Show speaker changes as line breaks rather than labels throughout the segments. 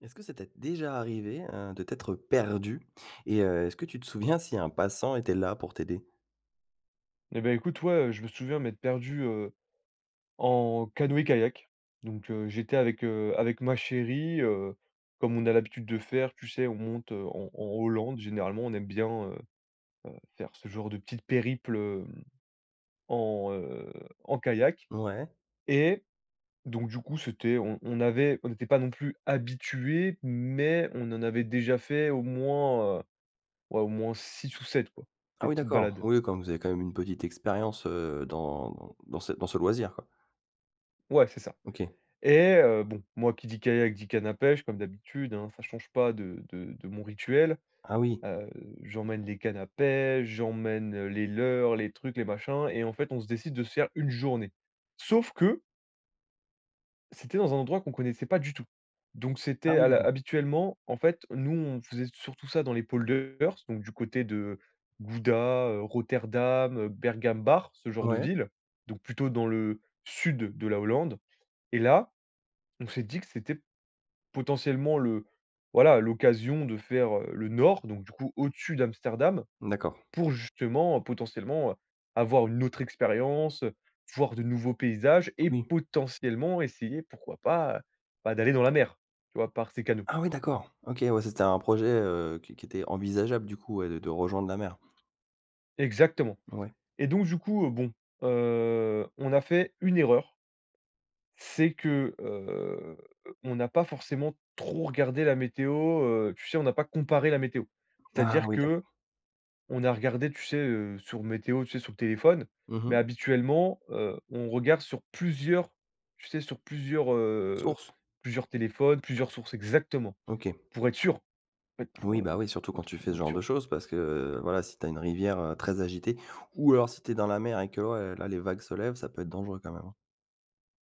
Est-ce que ça t'es déjà arrivé, heu, de t'être perdu? Et heu, est-ce que tu te souviens si un passant était là pour t'aider?
Et bah écoute, ouais, heu, je me souviens m'être perdu, heu, en canoë-kayak. Donc, heu, j'étais avec, heu, avec ma chérie. Heu, comme on a l'habitude de faire, tu sais, on monte, heu, en en Hollande. Généralement, on aime bien, heu, heu, faire ce genre de petites périples, hem, en, heu, en kayak.
Ouais.
Et donc du coup, c'était, on on avait on n'était pas non plus habitués, mais on en avait déjà fait au moins, heu, ouais au moins 6 ou 7 quoi,
Ah
des
oui,
petites
d'accord!
balades.
Oui, comme vous avez quand même une petite expérience, heu, dans dans ce dans ce loisir.
Ouais, c'est ça.
OK.
Et heu, bon, moi qui dit kayak, dit, canne à pêche, comme d'habitude hein, ça change pas de de de mon rituel.
Ah, oui.
A heu, j'emmène les cannes à pêche, j'emmène les leurres, les trucs, les machins. Et en fait, on se décide de se faire 1 journée. Sauf que c'était dans un endroit qu'on connaissait pas du tout. Donc
Ah
c'était
oui,
à la
d'accord!
habituellement, en fait, nous, on faisait s surtout ça dans les polders, donc du côté de Gouda, heu, Rotterdam, heu, Bergambacht, ce genre de
Ouais.
villes, donc plutôt dans le sud de la Hollande. Et là, on s'est dit que c'était potentiellement le voilà, l'occasion de faire, heu, le nord, donc du coup au-dessus d'Amsterdam.
Mmh, d'accord.
Pour justement, heu, potentiellement, heu, avoir une autre expérience, heu, voir de nouveaux paysages et
Oui.
potentiellement essayer, pourquoi pas, heu, bah d'aller dans la mer! Tu vois? Par ces canaux.
Ah oui, d'accord! OK, ouais, ça c'était un projet, heu, qui é qui était envisageable du coup, ouais de de rejoindre la mer?
Exactement,
Ouais.
et donc du coup, heu, bon, heu, on a fait une erreur c'est que heu, on n'a pas forcément trop regardé la météo, heu, tu sais, on n'a pas comparé la météo.
Ha,
C'est-à-dire
oui,
que,
d'accord.
on a regardé, tu sais, heu, sur Météo, tu sais sur le téléphone,
Mmh
mais
mh.
habituellement, heu, on regarde sur plusieurs tu sais sur plusieurs, heu,
Sources?
plusieurs téléphones, plusieurs sources exactement!
OK.
Pour être sûrs! En fait, pour
Oui,
heu
bah, oui, surtout
pour,
quand tu fais ce
potentiellement, être
genre de
sûr
choses parce que, heu, voilà, si tu as une rivière, heu, très agitée ou alors si tu es dans la mer et que, ouais, là les vagues se lèvent, ça peut être dangereux quand même, hein.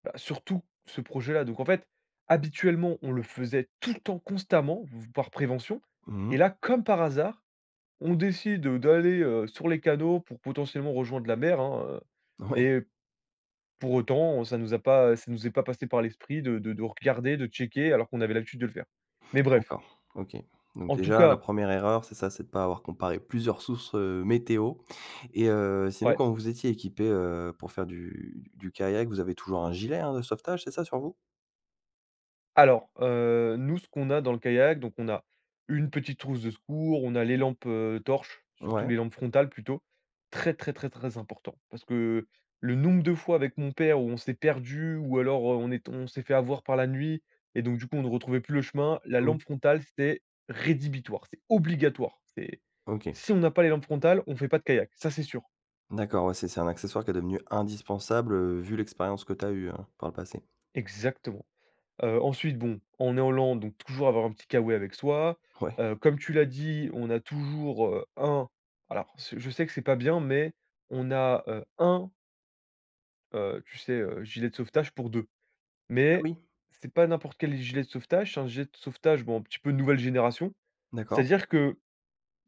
Bah, surtout, ce projet-là, donc en fait, habituellement, on le faisait tout le temps, constamment v par prévention.
Mmh mh.
Et là, comme par hasard, on décide, heu, d'aller, heu, sur les canaux pour potentiellement rejoindre la mer, hein, heu.
Ouais.
Et pour autant, ça nous a pas ça nous est pas passé par l'esprit de de de regarder, de checker alors qu'on avait l'habitude de le faire. Mais bref
Encore? OK. Donc
en tout
déjà la
cas
1re erreur c'est ça, c'est de pas avoir comparé plusieurs sources, heu, météo. Et heu, sinon,
Ouais.
quand vous étiez équipés, heu, pour faire du d du kayak, vous avez toujours un gilet, hein, de sauvetage, c'est ça sur vous?
Alors, heu, nous, ce qu'on a dans le kayak, donc on a une petite trousse de secours. On a les lampes, heu, torches,
Ouais.
surtout les lampes frontales plutôt. Très, très, très, très important. Parce que, heu, le nombre de fois avec mon père où on s'est perdu ou alors on est tom on s'est fait avoir par la nuit et donc du coup, on ne retrouvait plus le chemin. La
Mmh.
lampe frontale, c'était rédhibitoire, c'est obligatoire. C'est
OK.
si on n'a pas les lampes frontales, on fait pas de kayak. Ça, c'est sûr!
D'accord, ouais, c'est c'est un accessoire qui est devenu indispensable, heu, vu l'expérience que tu as eue, hein, par le passé.
Exactement! Heu ensuite, bon, on est en Lande, donc toujours avoir un petit K-Way avec soi.
Ouais.
Heu, comme tu l'as dit, on a toujours, heu, 1 alors ce je sais que c'est pas bien, mais on a, heu, 1 heu, tu sais, heu, gilet de sauvetage pour 2.
Ah
Mais,
oui?
c'est pas n'importe quel gilet de sauvetage, c'est un gilet de sauvetage, bon, un petit peu nouvelle génération.
D'accord.
C'est-à-dire que,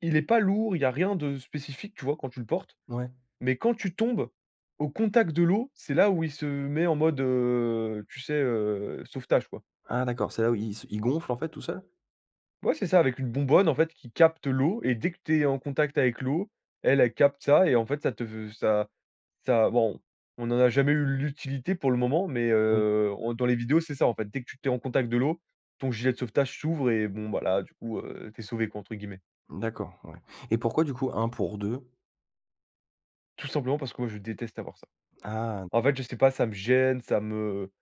il est pas lourd. Il y a rien de spécifique, tu vois, quand tu le portes.
Ouais.
Mais quand tu tombes, au contact de l'eau, c'est là où il se met en mode, heu, tu sais, heu sauvetage quoi.
Ah d'accord, c'est là où il se il gonfle en fait tout seul?
Ouais c'est ça, avec une bonbonne en fait qui capte l'eau. Et dès que tu es en contact avec l'eau, elle, elle capte ça. Et en fait, ça te v ça ça, bon, on en a jamais eu l'utilité pour le moment, mais,
Oui.
heu on dans les vidéos, c'est ça, en fait. Dès que tu tu es en contact de l'eau, ton gilet de sauvetage s'ouvre et bon ben là, du coup, heu, t'es sauvé, quoi, entre guillemets.
D'accord, ouais. Et pourquoi, du coup, 1 pour 2?
Tout simplement parce que moi, je déteste avoir ça.
Ah!
En fait,
d'accord.
je sais pas, ça me gêne, ça me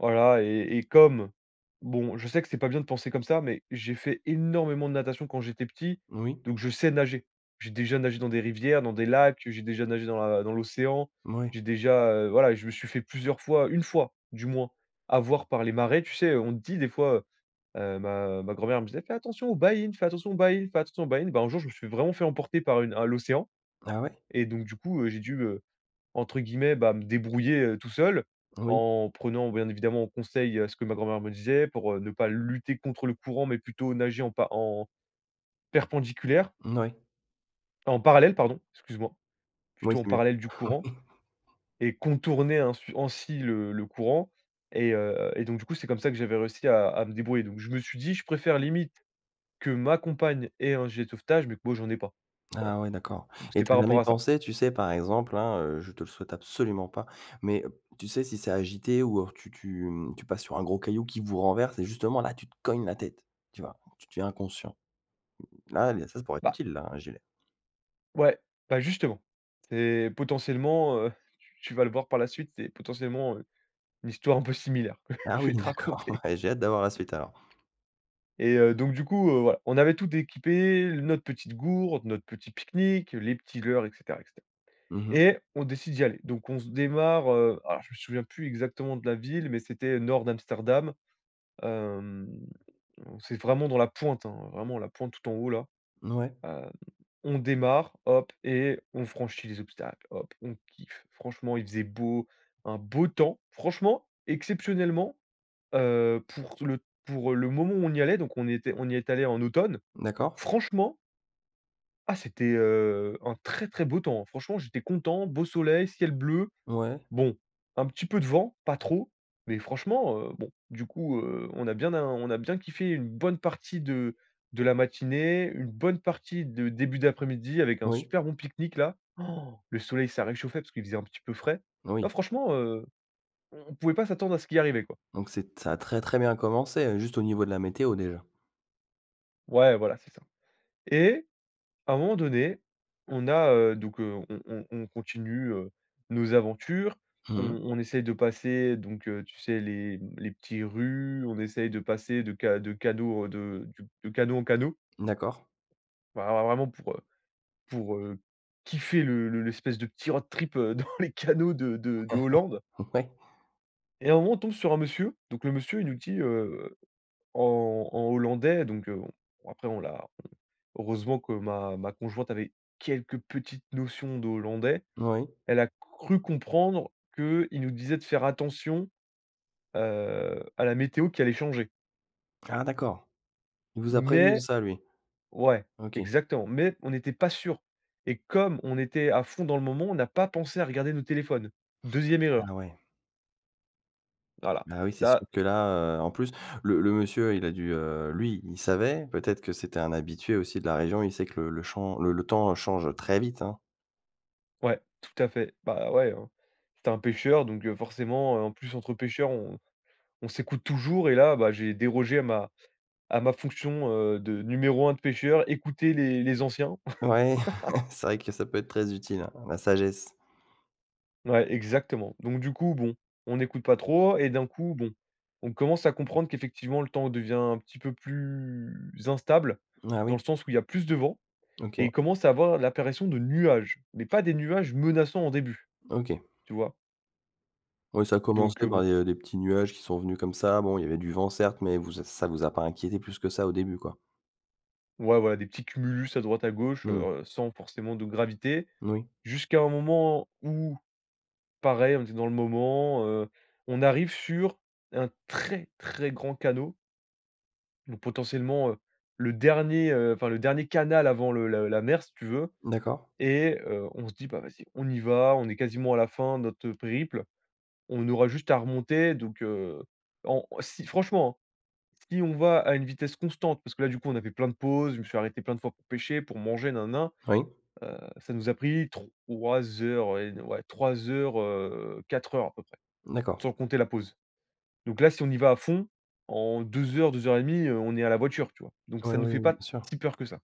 voilà. Et et comme, bon, je sais que c'est pas bien de penser comme ça, mais j'ai fait énormément de natation quand j'étais petit
Oui.
donc je sais nager. J'ai déjà nagé dans des rivières, dans des lacs, heu, j'ai déjà nagé dans la dans l'océan.
Mouais.
J'ai déjà, heu, voilà, je me suis fait plusieurs fois 1 fois, du moins, avoir par les marais. Tu sais, heu, on te dit des fois, heu, ma ma grand-mère me disait: «Fais attention aux baïnes, fais attention aux baïnes, fais attention aux baïnes!». Ben un jour, je me suis vraiment fait emporter par une à l'océan
Ah ouais?
et donc, du coup, heu, j'ai dû, heu, entre guillemets, bah, me débrouiller, heu, tout seul
Oui.
en prenant bien évidemment conseil à ce que ma grand-mère me disait, pour, heu, ne pas lutter contre le courant, mais plutôt nager en pa en perpendiculaire
Ouais.
en parallèle pardon, excuse moi.
Oui,
Plutôt en
c'est mieux.
parallèle du courant
Oui!
et contourner ainsui ainsi le le courant. Et, heu, et donc, du coup, c'est comme ça que j'avais réussi à à me débrouiller. Donc, je me suis dit: «Je préfère limite que ma compagne ait un gilet de sauvetage, mais que moi j'en ai pas», voilà.
Ah, ouais d'accord.
Donc
Et
c'était
tu as
par rapport
jamais
à ça.
pensé, tu sais, par exemple, hein heu, je te le souhaite absolument pas, mais he tu sais, si c'est agité ou, alors tu tu m tu passes sur un gros caillou qui vous renverse et justement, là, tu te cognes la tête, tu vois? Tu deviens inconscient. L là, il y a ça ça pourrait être
Bah
utile là, un gilet.
Ouais, bah justement. C'est potentiellement, heu, tu vas le voir par la suite, c'est potentiellement, heu, une histoire un peu similaire.
Ah
Je vais
oui
te
d'accord,
raconter.
ouais. J'ai hâte d'avoir la suite alors.
Et heu, donc du coup, heu, voilà. On avait tout d'équipé: l notre petite gourde, notre petit pique-nique, les petits leurres, et cetera, et cetera.
Mmh mh.
Et on décide d'y aller. Donc on se démarre, heu alors je me souviens plus exactement de la ville, mais c'était, heu, nord d'Amsterdam. Hem, c'est vraiment dans la pointe, hein, vraiment la pointe tout en haut là.
Mouais.
Hem, on démarre. Hop! Et on franchit les obstacles. Hop! On kiffe. Franchement, il faisait beau, un beau temps. Franchement, exceptionnellement, heu, pour tout le pour, heu, le moment où on y allait, donc on était on y est allé en automne.
D'accord.
Franchement ah c'était, heu, un très, très beau temps! Franchement, j'étais content, beau soleil, ciel bleu.
Ouais.
Bon, un petit peu de vent, pas trop, mais franchement, heu. Bon, du coup, heu, on a bien av on a bien kiffé une bonne partie de de la matinée, une bonne partie de début d'après-midi avec un
Oui.
super bon pique-nique là. Han! Le soleil, ça réchauffait parce qu'il faisait un petit peu frais. Non,
Oui.
franchement, heu, on on pouvait pas s'attendre à ce qui arrivait quoi.
Donc c'est t ça a très, très bien commencé, heu, juste au niveau de la météo déjà.
Ouais voilà, c'est ça. Et à un moment donné, on a, heu, donc, heu, on on on continue, heu, nos aventures. On
Mmh mh.
on essaye de passer donc, heu, tu sais les les petits rues, on essaye de passer de ca de cadeaux de de canaux en canaux.
D'accord.
Ben, alors vraiment pour, heu pour, heu, kiffer le le l'espèce de petit road trip dans les canaux de de de Hollande.
Ouais.
Et à un moment, on tombe sur un monsieur. Donc le monsieur, il nous dit heu en en hollandais, donc, heu, bon, après on l'a on heureusement que ma ma conjointe avait quelques petites notions de hollandais.
Oui.
Elle a cru comprendre que il nous disait de faire attention, heu, à la météo qui allait changer.
Ah d'accord! Il vous a prévenus de
Mais
ça, lui?
ouais
OK.
exactement. Mais on n'était pas sûrs. Et comme on était à fond dans le moment, on a pas pensé à regarder nos téléphones. 2e erreur.
Ah ouais.
Voilà,
Ah oui, c'est sûr
ça
que là, heu, en plus, le le monsieur, il a dû heu, lui, il savait, peut-être que c'était un habitué aussi de la région. Il sait que le le champs le le temps change très vite hein.
Ouais, tout à fait. Bah, heu, ouais hein. C'était un pêcheur, donc, heu, forcément, heu, en plus entre pêcheurs, on on s'écoute toujours. Et là, bah, j'ai dérogé à ma à ma fonction heu de numéro 1 de pêcheur, écouter les les anciens.
Ouais c'est vrai que ça peut être très utile hein, la sagesse.
Ouais, exactement. Donc du coup, bon, on écoute pas trop et d'un coup, bon, on commence à comprendre qu'effectivement le temps devient un petit peu plus instable,
Ah
dans
oui?
le sens où il y a plus de vent et
OK.
il commence à avoir l'apparition de nuages, mais pas des nuages menaçants, au début.
OK.
Tu vois?
Oui ça a commencé
Donc, heu,
par
bon.
des, heu, des petits nuages qui sont venus comme ça. Bon il y avait du vent, certes, mais vous e ça vous a pas inquiétés plus que ça au début, quoi?
Ouais, voilà. Des petits cumulus à droite, à gauche, heu
Mmh mh.
heu sans forcément de gravité.
Moui.
Jusqu'à un moment où, pareil, on était dans le moment, heu, on arrive sur un très, très grand canaux. Donc potentiellement, heu, le dernier, heu, enfin le dernier canal avant le le la mer, si tu veux.
D'accord.
Et heu, on se dit: «Bah vas-y, on y va, on est quasiment à la fin de notre, heu, périple. On aura juste à remonter». Donc, heu en si franchement hein, si on va à une vitesse constante parce que là, du coup, on a fait plein de pauses, je me suis arrêté plein de fois pour pêcher, pour manger, na na na.
Oui.
Heu, ça nous a pris 3 heures et de ouais, 3 heures, heu 4 heures à peu près.
D'accord.
Sans compter la pause. Donc, là si on y va à fond, en 2 heures, 2:30, heu, on est à la voiture, tu vois? Donc,
Ouais,
ça nous
oui,
fait
oui. Bien
pas
sûr.
si peur que ça.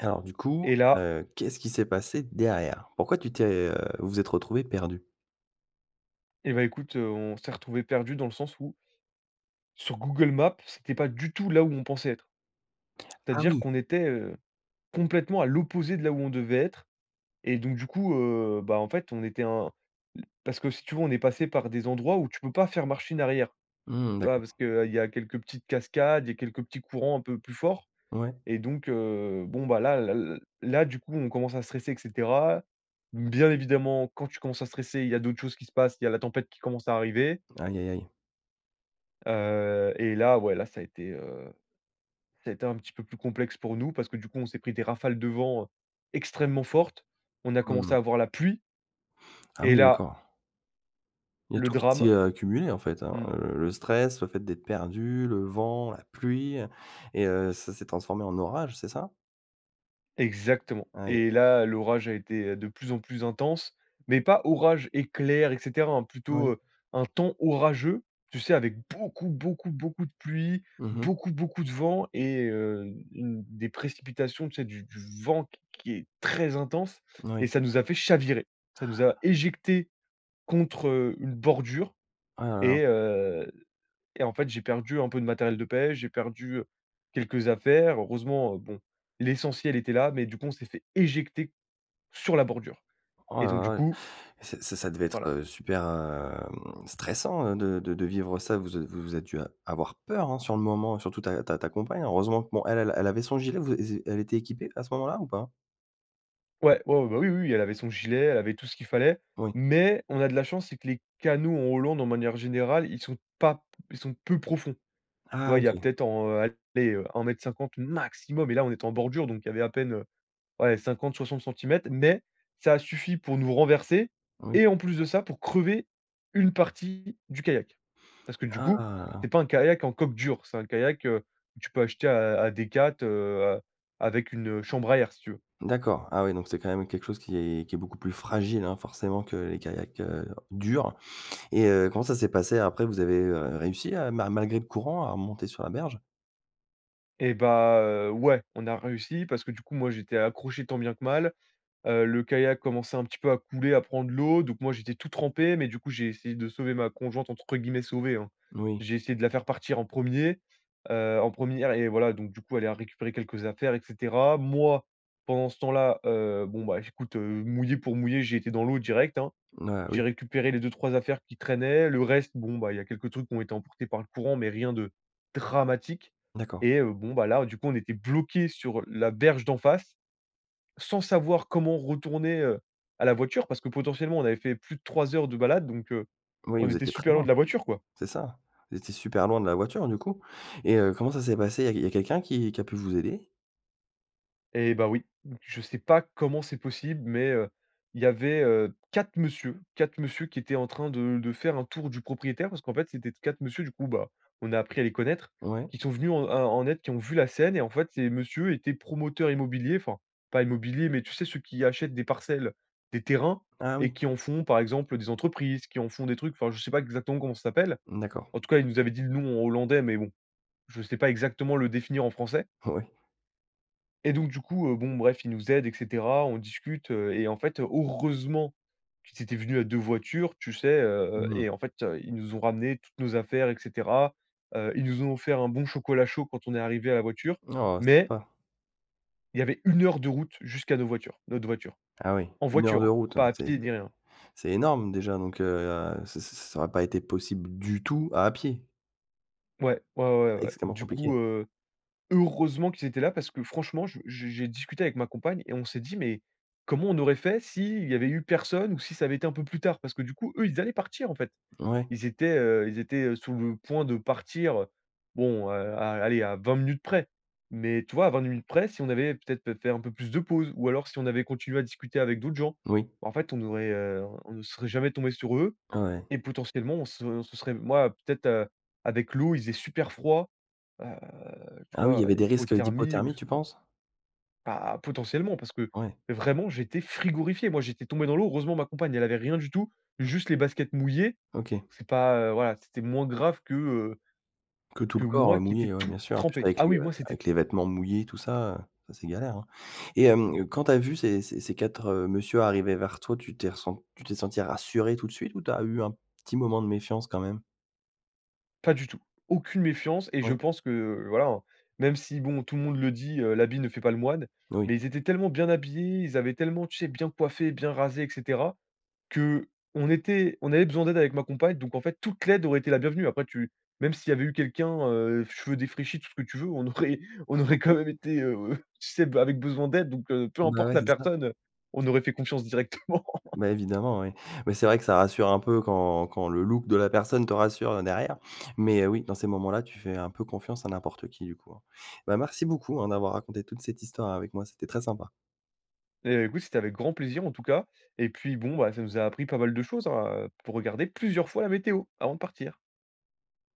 Alors du coup,
Et là
heu, qu'est-ce qu'il s'est passé derrière? Pourquoi tu t'es heu, vous êtes retrouvés perdus?
Et bah écoute, heu, on s'est retrouvés perdus dans le sens où sur Google Maps, c'était pas du tout là où on pensait être.
Ah
C'est-à-dire
oui!
qu'on était, heu, complètement à l'opposé de là où on devait être. Et donc du coup, heu, bah, en fait, on était un parce que si tu veux, on est passé par des endroits où tu peux pas faire machine arrière.
Mmh,
Tu vois?
d'accord.
Parce qu'il y a quelques petites cascades, il y a quelques petits courants un peu plus forts.
Ouais.
Et donc, heu, bon bah là là l là, du coup, on commence à stresser, et cetera. Bien évidemment, quand tu commences à stresser, il y a d'autres choses qui se passent, il y a la tempête qui commence à arriver.
Aïe, aïe, aïe.
Heu et là, ouais. Là, ça a été, heu, ça a été un petit peu plus complexe pour nous, parce que du coup, on s'est pris des rafales de vent extrêmement fortes. On a
Mmh
commencé
mh.
à avoir la pluie
Ah
et
oui,
là
d'accord. Il y a
le
tout qui
drame
s'est accumulé en fait, hein,
mmh.
heu, le stress, le fait d'être perdu, le vent, la pluie. Et heu, ça s'est transformé en orage, c'est ça?
Exactement.
Aïe, aïe,
Et
aïe.
là, l'orage a été de plus en plus intense, mais pas orage, éclair, et cetera, hein plutôt,
Moui.
heu, un temps orageux. Tu sais, avec beaucoup, beaucoup, beaucoup de pluie,
Mmh mh.
beaucoup, beaucoup de vent et heu, u une des précipitations, tu sais. Du du vent q qui est très intense et
Oui.
ça nous a fait chavirer. Ça nous a éjectés contre, heu, une bordure
Ah là là.
et, heu, et en fait, j'ai perdu un peu de matériel de pêche, j'ai perdu quelques affaires. Heureusement, heu, bon, l'essentiel était là. Mais du coup on s'est fait éjecter sur la bordure! Et donc du
Oh,,
coup
[unintelligible] Ç ça ça devait être,
Voilà.
heu, super hem stressant, heu, de de de vivre ça. Vous a vous vous êtes dû a avoir peur, hein, sur le moment. Surtout ta ta ta compagne hein, heureusement que bon, elle elle avait son gilet. Vous é elle était équipée à ce moment-là, ou pas?
Ouais. Ouais, ouais, bah, oui, oui, oui, elle avait son gilet, elle avait tout ce qu'il fallait.
Oui.
Mais on a de la chance, c'est que les canaux en Hollande, en manière générale, ils sont pas p ils sont peu profonds. Tu
Ah!
vois? Il y a
OK.
peut-être en heu, allez heu, 1,50 m maximum. Et là, on était en bordure, donc il y avait à peine, heu, ouais, 50-60 cm centimètres. Mais ça a suffi pour nous renverser,
Oui.
et en plus de ça, pour crever une partie du kayak. Parce que du coup,
Ah!
c'est pas un kayak en coque dur, c'est un kayak, heu, que tu peux acheter à à à Decathlon, heu, avec une chambre à air, si tu veux.
D'accord, ah oui donc c'est quand même quelque chose qui est qui est beaucoup plus fragile hein forcément que les kayaks, heu, durs. Et heu, comment ça s'est passé après? Vous avez, heu, réussi, heu, ma malgré le courant, à remonter sur la berge?
Et bah, heu, ouais, on a réussi parce que du coup, moi, j'étais accroché tant bien que mal. Heu, le kayak commençait un petit peu à couler, à prendre l'eau. Donc moi, j'étais tout trempé, mais du coup, j'ai essayé de sauver ma conjointe, entre guillemets sauver, hein.
Oui.
J'ai essayé de la faire partir en 1er, heu, en 1re et voilà, donc du coup, elle a récupéré quelques affaires, et cetera. Moi, pendant ce temps là, heu, bon bah, écoute, heu, mouillé pour mouillé, j'ai été dans l'eau direct, hein.
N ah, oui.
J'ai récupéré les 2-3 affaires qui traînaient. Le reste, bon ben, il y a quelques trucs qui ont été emportés par le courant, mais rien de dramatique.
D'accord.
Et, heu, bon ben là, du coup, on était bloqués sur la berge d'en face, sans savoir comment retourner, heu, à la voiture. Parce que potentiellement, on avait fait plus de 3 heures de balade, donc, heu,
Oui,
on
vous
était
étiez très
super loin
loin.
de la voiture, quoi.
C'est ça? Vous étiez super loin de la voiture, du coup. Et, heu, comment ça s'est passé? Il y a il y a quelqu'un qui qui a pu vous aider?
Et bah oui. Je sais pas comment c'est possible, mais, heu, il y avait, heu, 4 monsieur, 4 monsieur qui étaient en train de de faire un tour du propriétaire. Parce qu'en fait, c'était 4 monsieur du coup, bah, on a appris à les connaître,
Ouais.
qui sont venus en à en aide, qui ont vu la scène. Et en fait, ces monsieur étaient promoteurs immobiliers, enfin pas immobiliers, mais tu sais, ceux qui achètent des parcelles, des terrains
Ah
et
oui!
qui en font par exemple des entreprises, qui en font des trucs. Enfin, je sais pas exactement comment ça s'appelle.
Mmh d'accord.
En tout cas, ils nous avaient dit le nom en hollandais, mais bon, je sais pas exactement le définir en français.
Oh oui!
Et donc du coup, heu, bon bref, ils nous aident, et cetera. On discute, heu, et en fait, heureusement qu'ils étaient venus à 2 voitures, tu sais, heu,
Mmh.
et en fait, ils nous ont ramené, toutes nos affaires, et cetera. Heu, ils nous ont offert un bon chocolat chaud quand on est arrivés à la voiture,
Oh,
mais
sympa!
il y avait 1 heure de route jusqu'à nos voitures notre voiture.
Ah oui
En
1 heure
voiture
de
hein,
route,
pas à
c'est
pied, ni rien.
c'est énorme déjà donc, heu, ç ç ça aurait pas été possible du tout à pied?
Ouais. Ouais, ouais, ouais, ouais.
Extrêmement
Du
compliqué?
coup, heu, heureusement qu'ils étaient là parce que franchement je j j j'ai discuté avec ma compagne et on s'est dit: «Mais comment on aurait fait si il y avait eu personne ou si ça avait été un peu plus tard?». Parce que du coup, eux, ils allaient partir en fait.
Ouais.
Ils étaient heu, ils étaient sous le point de partir, heu, bon, heu, à allez, à 20 minutes près. Mais tu vois, 20 minutes près, si on avait peut-être pé fait un peu plus de pause ou alors si on avait continué à discuter avec d'autres gens.
Oui.
Bah en fait on aurait heu, on ne serait jamais tombés sur eux
Ah ouais.
et potentiellement, on s on se serait moi, peut-être, heu, avec l'eau, il faisait super froid. Bah, heu, tu
Ah oui, il y
vois,
avait des risques
hypothermie ou
d'hypothermie,
ce
tu
[unintelligible]
penses?
Bah potentiellement, parce que
Ouais.
vraiment, j'étais frigorifié. Moi j'étais tombé dans l'eau. Heureusement ma compagne, elle avait rien du tout, juste les baskets mouillées.
OK.
C'est pas, heu, voilà, c'était moins grave que, heu,
Que tout
que
le corps,
moi
heu,
qui étais
mouillé, ouais
tout
bien sûr. En plus
trempé.
avec
Ah
les,
oui,
heu,
moi c'était
avec les vêtements mouillés tout ça, heu, ça c'est galère hein. Et,
Mmh.
hem, quand tu as vu ces ces ces 4, heu, monsieur arriver vers toi, tu t'es ressen tu t'es senti rassuré tout de suite, ou tu as eu un petit moment de méfiance quand même?
Pas du tout. Aucune méfiance et je
Oui.
pense que, heu, voilà hein, même si bon, tout le monde le dit: «Heu, l'habit ne fait pas le moine.»,
Oui.
mais ils étaient tellement bien habillés. Ils avaient tellement tu sais bien coiffés, bien rasés, et cetera qu'on était on avait besoin d'aide avec ma compagne. Donc en fait, toute l'aide aurait été la bienvenue. Après, tu même s'il y avait eu quelqu'un, heu, cheveux défraîchis, tout ce que tu veux, on aurait on aurait quand même été, heu, tu sais bah avec besoin d'aide, donc, heu, peu
Bah
importe
ouais,
la
c'est ça!
personne, heu, on aurait fait confiance directement.
Ben évidemment, oui. Beh c'est vrai que ça rassure un peu quand quand le look de la personne te rassure, heu, derrière. Mais oui, dans ces moments là, tu fais un peu confiance à n'importe qui du coup, hein. Ben merci beaucoup hein d'avoir raconté toute cette histoire avec moi, c'était très sympa!
Et beh écoute, c'était avec grand plaisir en tout cas. Et puis, bon bah, ça nous a appris pas mal de choses hein, heu. Faut regarder plusieurs fois la météo avant de partir!